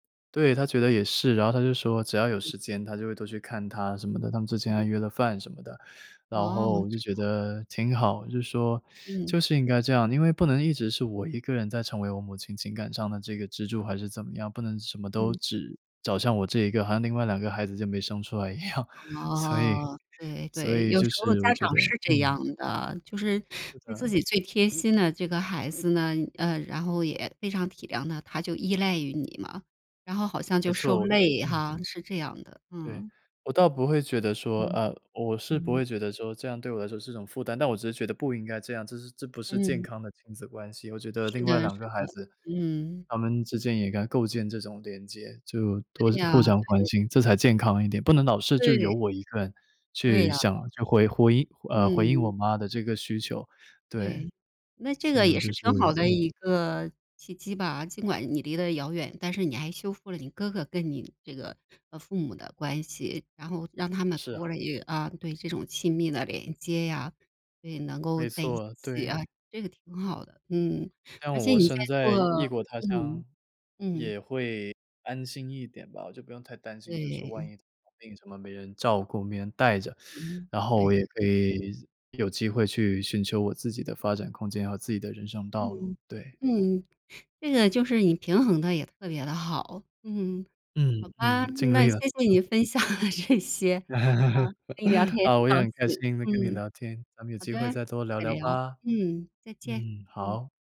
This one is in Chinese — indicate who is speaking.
Speaker 1: 对，他觉得也是，然后他就说，只要有
Speaker 2: 嗯。
Speaker 1: 时间他就会多去看她什么的，他们之前还约了饭什么的。然
Speaker 2: 哦，
Speaker 1: 后我就
Speaker 2: 这
Speaker 1: 觉得
Speaker 2: 样。
Speaker 1: 挺好，就是说，
Speaker 2: 嗯。
Speaker 1: 就是应该这样，因为不能一直是我一个人在成为我母亲情感上的这个支柱还是怎么样，不能什么都
Speaker 2: 嗯。
Speaker 1: 只找向我这一个，好像另外两个孩子就没生出来一样。所以
Speaker 2: 哦。对
Speaker 1: 所
Speaker 2: 对，
Speaker 1: 以
Speaker 2: 有
Speaker 1: 就
Speaker 2: 时候
Speaker 1: 是
Speaker 2: 家
Speaker 1: 我觉
Speaker 2: 长
Speaker 1: 得
Speaker 2: 是这
Speaker 1: 嗯。
Speaker 2: 样的，就是
Speaker 1: 是
Speaker 2: 对自
Speaker 1: 的。
Speaker 2: 己最贴心的这个孩子呢，呃，然后也非常体谅他，他就依赖于你嘛，然后好像
Speaker 1: 没
Speaker 2: 就受
Speaker 1: 错，
Speaker 2: 累
Speaker 1: 嗯。
Speaker 2: 哈，是这样的，
Speaker 1: 对。
Speaker 2: 嗯。
Speaker 1: 我倒不会觉得说
Speaker 2: 嗯。
Speaker 1: 呃，我是不
Speaker 2: 嗯。
Speaker 1: 会觉得说这样对我来说是种负担，但我只是觉得不应该这样，这是这不是健
Speaker 2: 嗯。
Speaker 1: 康的亲子关系。我觉得
Speaker 2: 是
Speaker 1: 另外
Speaker 2: 的
Speaker 1: 两个
Speaker 2: 是
Speaker 1: 孩
Speaker 2: 的，
Speaker 1: 子，
Speaker 2: 嗯。
Speaker 1: 他们之间也该构建这种连接，就
Speaker 2: 对
Speaker 1: 多互
Speaker 2: 呀，
Speaker 1: 相关
Speaker 2: 对。
Speaker 1: 心，这才健康一点。不能老是就
Speaker 2: 对。
Speaker 1: 由我一个人，
Speaker 2: 对
Speaker 1: 去
Speaker 2: 呀。
Speaker 1: 想去回回应呃，回应我
Speaker 2: 嗯。
Speaker 1: 妈的这个需求。对。
Speaker 2: 对。那这
Speaker 1: 所
Speaker 2: 个
Speaker 1: 以我
Speaker 2: 也
Speaker 1: 就
Speaker 2: 是
Speaker 1: 是，
Speaker 2: 挺好的
Speaker 1: 嗯。
Speaker 2: 一个契机吧。尽管你离得遥远，但是你还修复了你哥哥跟你这个，呃，父母的关系，然后让他们
Speaker 1: 是
Speaker 2: 多
Speaker 1: 啊。
Speaker 2: 了一个啊，对，这种亲密的连接呀，所以能够
Speaker 1: 没
Speaker 2: 在一
Speaker 1: 错，
Speaker 2: 起啊，
Speaker 1: 对。
Speaker 2: 这个挺好的。嗯，
Speaker 1: 这
Speaker 2: 而
Speaker 1: 样
Speaker 2: 且
Speaker 1: 我
Speaker 2: 你
Speaker 1: 身
Speaker 2: 在
Speaker 1: 在
Speaker 2: 做
Speaker 1: 异异国他
Speaker 2: 嗯，
Speaker 1: 乡，
Speaker 2: 嗯。
Speaker 1: 也会安心一点吧。我就不用太担心，就是说万
Speaker 2: 对。
Speaker 1: 一生病什么没人照顾、没人带着。
Speaker 2: 嗯，
Speaker 1: 然后
Speaker 2: 对。
Speaker 1: 我也可以有机会去寻求我自己的发展空间和自己的人生道路，
Speaker 2: 嗯，
Speaker 1: 对。
Speaker 2: 嗯。这个就是你平衡得也特别地好，嗯。
Speaker 1: 嗯，
Speaker 2: 好吧，
Speaker 1: 嗯，尽
Speaker 2: 那
Speaker 1: 力了。
Speaker 2: 谢谢你
Speaker 1: 嗯。
Speaker 2: 分享的这些，啊，跟你聊 天也
Speaker 1: 好，
Speaker 2: 很
Speaker 1: 我
Speaker 2: 高
Speaker 1: 也很开
Speaker 2: 兴，
Speaker 1: 心能跟你
Speaker 2: 嗯。
Speaker 1: 聊天，咱们有
Speaker 2: 好
Speaker 1: 机
Speaker 2: 的，
Speaker 1: 会再多聊
Speaker 2: 再
Speaker 1: 聊
Speaker 2: 聊，
Speaker 1: 吧。
Speaker 2: 嗯，再见，
Speaker 1: 嗯，
Speaker 2: 嗯。
Speaker 1: 好。